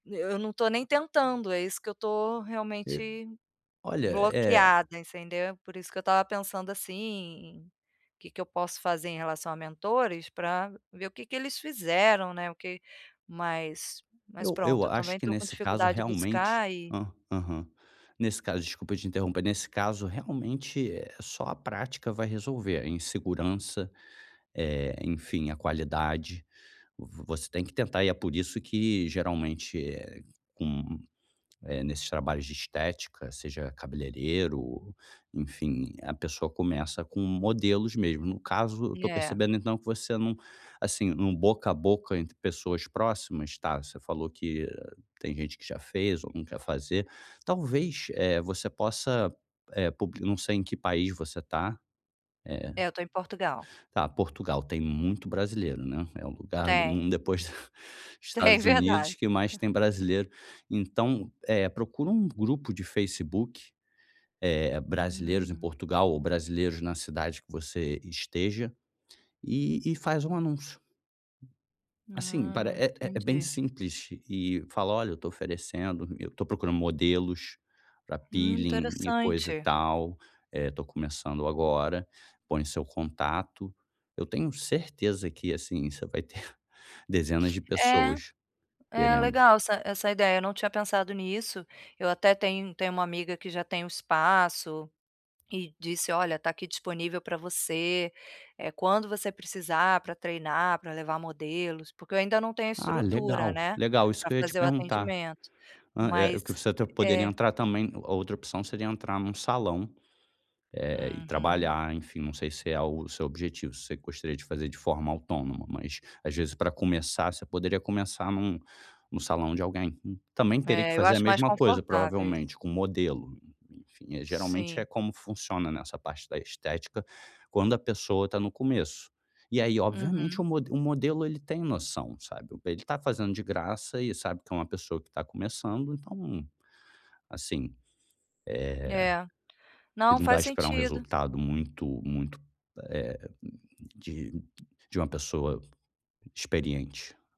N eu não estou nem tentando, é isso que eu estou E realmente Olha, é bloqueada, entendeu? Por isso que eu estava pensando assim, que que eu posso fazer em relação a mentores, pra ver o que que eles fizeram, né, o que mas mas Eu pronto eu eu acho também que estou com nesse caso, dificuldade de realmente buscar e hã, aham. Nesse caso desculpa te interromper. Nesse caso realmente, eh, só a prática vai resolver a insegurança, eh, enfim, a qualidade. V você tem que tentar e é por isso que, geralmente, eh, com eh, nesses trabalhos de estética, seja cabeleireiro, enfim, a pessoa começa com modelos mesmo. No caso, eu estou É. percebendo, então, que você não assim, no boca a boca entre pessoas próximas tá, você falou que tem gente que já fez ou não quer fazer. Talvez, eh, você possa, eh, puli não sei em que país você está. Eh É, eu estou em Portugal. tá, Portugal. Tem muito brasileiro, né? É um lugar do Tem. mun depois, Tem, Estados verdade. Unidos que mais tem brasileiro. Então, eh, procura um grupo de Facebook, eh, "Brasileiros em Hum. Portugal" ou "Brasileiros na cidade que você esteja", e e faz um anúncio. Assim, pare Hã, é é bem entendi. simples. E fala: "Olha, estou oferecendo, eu estou procurando modelos pra Hum, peeling e coisa e interessante. tal. Eh, estou começando agora", põe seu contato. Eu tenho certeza que, assim, você vai ter dezenas de É, pessoas é querendo. legal essa essa ideia eu não tinha pensado nisso, eu até tenho tenho uma amiga que já tem o espaço, e disse: "Olha, está aqui disponível pra você, eh, quando você precisar pra treinar, pra levar modelos", porque eu ainda não tenho Ah, estrutura legal, né, legal. Isso pra que eu ia te fazer o perguntar. atendimento, Hã, é o mas, que você até poderia é entrar também a outra opção seria entrar num salão, eh, e Uhum. trabalhar, enfim, não sei se é o seu objetivo, se você gostaria de fazer de forma autônoma. Mas às vezes para começar você poderia começar num no salão de alguém. Também teria que É, eu fazer a acho mais mesma coisa, confortável isso. provavelmente, com modelo, enfim. Eh, geralmente é Sim. como funciona nessa parte da estética, quando a pessoa está no começo. E aí, obviamente, o Uhum. mode o modelo ele tem noção, sabe, ele está fazendo de graça e sabe que é uma pessoa que está começando. Então, assim, É, eh, não, ele não vai faz esperar um sentido. resultado muito, muito eh, de de uma pessoa experiente.